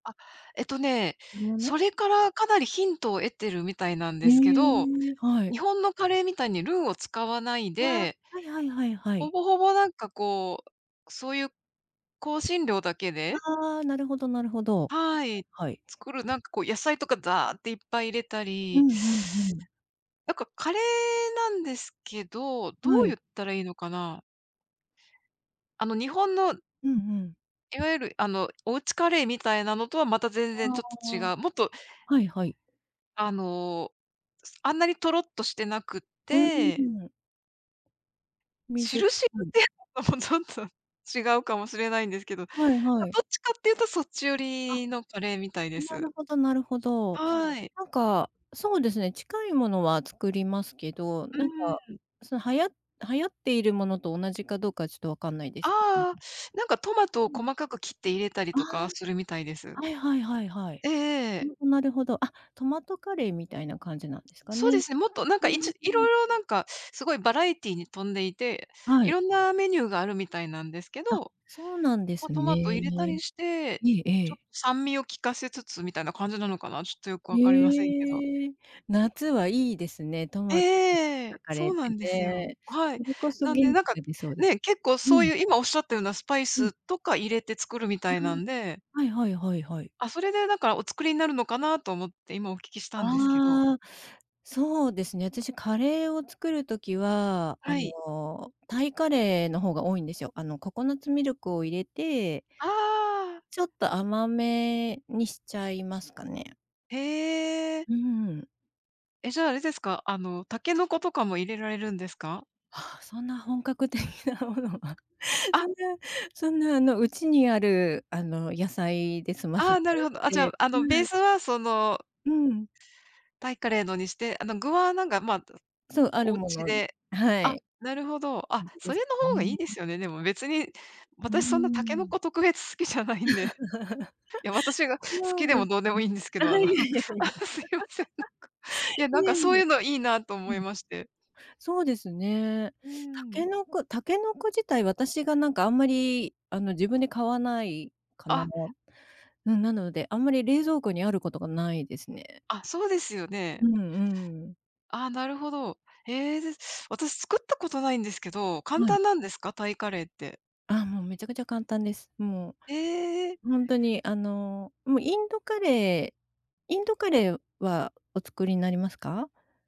あ、えっとね、にもの？それからかなりヒントを得てるみたいなんへですけど、え、はい。日本のカレーみたいにルーを使わないああ、ではいはいはいはほい。ぼほぼ、なんかこう、そうゆう、香辛料だけでああ、なるほどなるほど。はいはい。はいはい。作る、なんかこう、野菜とかザーッていっぱい入れたうり、ん、ふんふん。なんかカレーなんですけど、どはうゆい。ったらいいのかな、あの日本のうんうん。いわゆる、あの、おうちカレーみたいなのとはまたあ全然ちょっと違あ、う。もっと。はいはい。あの、すあんなにとろっとしてなくっう、んてんん。し水っるしるぽっい。ていうのもちょっと違うかもしれないんですけど、どはいはい。っちかっていうとそっち寄あ、りのカレーみたいでなす。るほどなるほど。はい。なんか、そうですね、近いものは作りますけど、うなんか、ーん。その、はや流行っているものと同じかどうかはちょっと分かんないであすけどうあああ、なんかトマトをん。細かく切って入れたりあとかは、すあ、るみたいです。あ、はいはいはいはい。えええほえ。んと、なるほど。あ、トマトカレーみたいな感じなんですかそね。うですね、もっと、なんうか、いんちいうろん。いろなんか、すごいバラエティに富んでいて、はいい。ろんなメニューがあるみたいなんですけあ、ど、そうなんでま、すトマト入れたね。りして、えええちょっえ。と酸味を効かせつつみたいな感じなのかな、ちょっとよく分かりませんけど。へえ、夏はいいですね、トええマト [unintelligible] っえええたえ、カレそーうっなてんですよ。ね。はい。それこそなんで、元気なんか、が出そうで、ね、結構うそうん。ゆう、今おっしゃったようなスパイうん。スとか入れて作るみあたいなんであ、はいはいはいはい。あ、それで、だから、お作りになるのかなと思って、今お聞きしたんですけどああ。そうですね、あたし、カレーを作る時は、あはい。の、タイカレーの方が多いんですよ。あのココナッツミルクを入れてああ。ちょっと甘めにしちゃいますかね。へえ。うーん。え、じゃ、あれですか？あの、タケノコとかも入れられるんですか？はあ、そんな本格的なものは、そんあ。なそんな、あの、うちにある、あの、野菜で済ませあちあ、なゃうるのほど。あ、じゃあ、で、あその、んベなースはその、うん。タイカレーのにして、あの、具はなんかまあ、とそう、あるおうもちの。ではあ、い。なるほど。感あ、じでそれすの方がいいね。ですよね、でも別に、うー私そんなタケノん。コ特別好きじゃないんで。そいや、私が好きうででもす。どうでもいいんですけあ、いど、あの、あえいえいえ。あ、すいません、なんか。いや、なんいえかそいうえ。ゆうのいいなとう思いん。まして。そうですね。うーたけん。のこたけのこ自体、私がなんかあんまり、あの、自分で買わないかな。あ。うん、なので、あんまり冷蔵庫にあることがないですね。あ、そうですようね。んうん。ああ、なるほど。へえ、で、私作ったことないんですけど、簡はい。単なんですか？タイカレーって。あ、もうめちゃくちゃ簡単です。もええ。う、ほんとに、あの、もうインドカレーインドカレーはお作りになりますか？